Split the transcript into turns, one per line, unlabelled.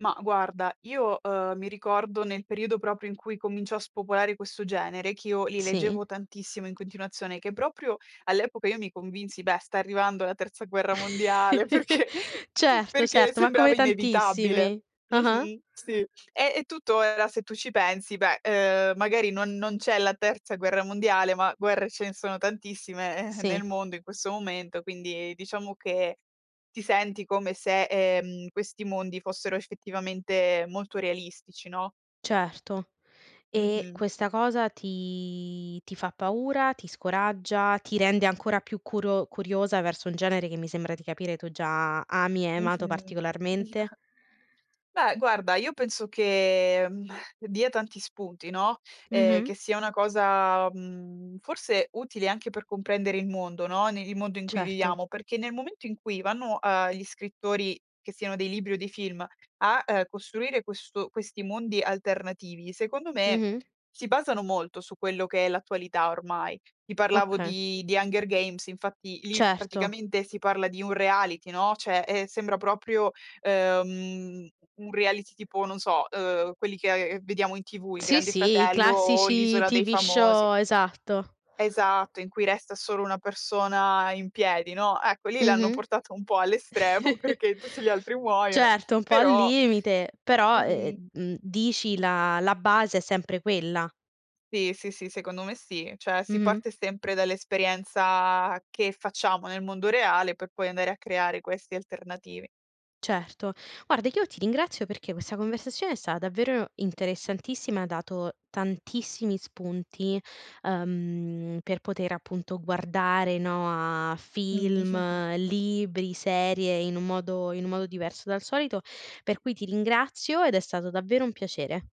Ma guarda io, uhm, mi ricordo nel periodo proprio in cui cominciò a spopolare questo genere, che io li
Sì.
leggevo tantissimo in continuazione, che proprio all'epoca io mi convinsi: "Beh sta arrivando la terza guerra mondiale" perché
Certo,
perché
certo, ma come
sembrava inevitabile.
tantissimi. Ah-ah.
Mh-mh, sì, eh, è tutto era se tu ci pensi, beh, ehm, magari non non c'è la terza guerra mondiale, ma guerre ce ne sono tantissime, eh, nel
Sì.
mondo in questo momento, quindi diciamo che ti senti come se, ehm, questi mondi fossero effettivamente molto realistici, no?
Certo. E
Mh-mh.
questa cosa ti ti fa paura, ti scoraggia, ti rende ancora più curo curiosa verso un genere che mi sembra di capire tu già ami e hai amato
Mh-mh. Mh.
particolarmente?
Beh guarda io penso che, mhmm, dia tanti spunti, no. Ehm, che
Mh-mh.
sia una cosa, mhmm, forse utile anche per comprendere il mondo, no, ne il mondo in cui
Certo.
viviamo, perché nel momento in cui vanno a gli scrittori, che siano dei libri o dei film a costruire questo questi mondi alternativi, secondo me
Mh-mh.
si basano molto su quello che è l'attualità ormai. Ti parlavo
Oka
di di Hunger Games, infatti lì
Certo.
praticamente si parla di un reality, no. Cioè, eh, sembra proprio, ehm, un reality tipo, non so, uhm, quelli che vediamo in TV, il
Sì,
Grande
sì, i
Fratello o
classici
l'Isola dei
TV
Famosi.
show esatto.
Esatto, in cui resta solo una persona in piedi, no. Ecco lì l'hanno
Mh-mh.
portata un po' all' estremo, perché tutti gli altri muoiono,
Certo, un po' al
però
limite, però, uhm,
Mh-mh.
mhmm, dici la la base, è sempre quella.
Sì, sì, sì, secondo me sì. Cioè si
Mh-mh.
parte sempre dall'esperienza che facciamo nel mondo reale, per poi andare a creare questi alternativi.
Certo. Guarda che io ti ringrazio, perché questa conversazione è stata davvero interessantissima e ha dato tantissimi spunti, uhm, per poter appunto guardare, no, a
Mh.
film, libri, serie in un modo in un modo diverso dal solito, per cui ti ringrazio ed è stato davvero un piacere.